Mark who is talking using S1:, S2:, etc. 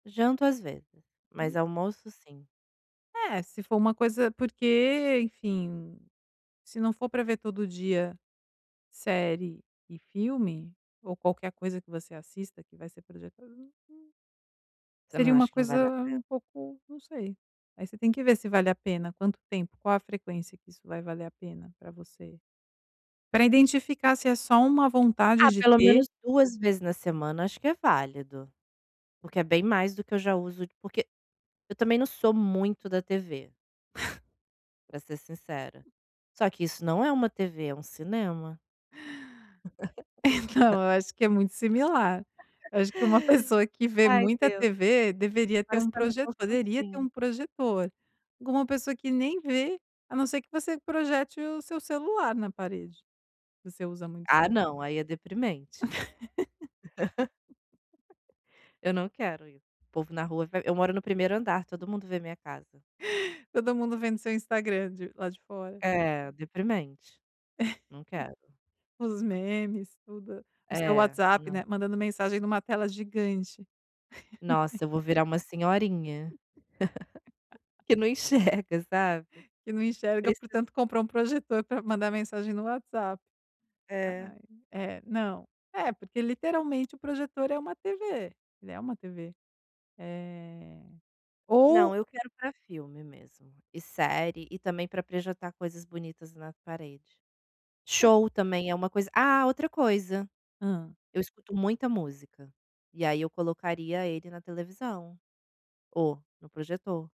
S1: Janto às vezes,
S2: Hum.
S1: mas almoço sim.
S2: É, se for uma coisa porque enfim, se não for para ver todo dia, série e filme, ou qualquer coisa que você assista que vai ser projetada ali
S1: Você não
S2: seria uma
S1: acha que não
S2: coisa
S1: vale a
S2: um
S1: pena?
S2: pouco, não sei. Aí você tem que ver se vale a pena, quanto tempo, qual a frequência que isso vai valer a pena para você. Para identificar se é só uma vontade
S1: Ah,
S2: de
S1: pelo
S2: ter.
S1: menos 2 vezes na semana acho que é válido. Porque é bem mais do que eu já uso de porque eu também não sou muito da TV. Para ser sincera. Só que isso não é uma TV, é um cinema.
S2: Então eu acho que é muito similar, eu acho que uma pessoa que vê
S1: Ai
S2: muita
S1: Deus.
S2: TV deveria ter
S1: Agora você
S2: um
S1: está me
S2: proje poderia ter
S1: constrangendo.
S2: um projetor, agora uma pessoa que nem vê, a não ser que você projete o seu celular na parede, você usa muito
S1: Ah,
S2: celu
S1: não, aí é deprimente. Eu não quero ir, o povo na rua vai eu moro no 1º andar, todo mundo vê minha casa.
S2: Todo mundo vendo seu Instagram de lá de fora.
S1: É deprimente, não quero.
S2: Os memes, tudo, o seu
S1: É.
S2: WhatsApp,
S1: Não.
S2: né, mandando mensagem em uma tela gigante.
S1: Nossa, eu vou virar uma senhorinha. Que não enxerga, sabe?
S2: Que não enxerga
S1: Preciso
S2: portanto comprou um projetor para mandar mensagem no WhatsApp.
S1: É.
S2: Ai, é, não, é porque literalmente o projetor é uma TV, ele é uma TV. Eh, ou
S1: Não, eu quero para filme mesmo, e série, e também para projetar coisas bonitas na parede.
S2: É.
S1: Show também é uma coisa ah, outra coisa,
S2: Hã.
S1: eu escuto muita música, e aí eu colocaria ele na televisão ou no projetor.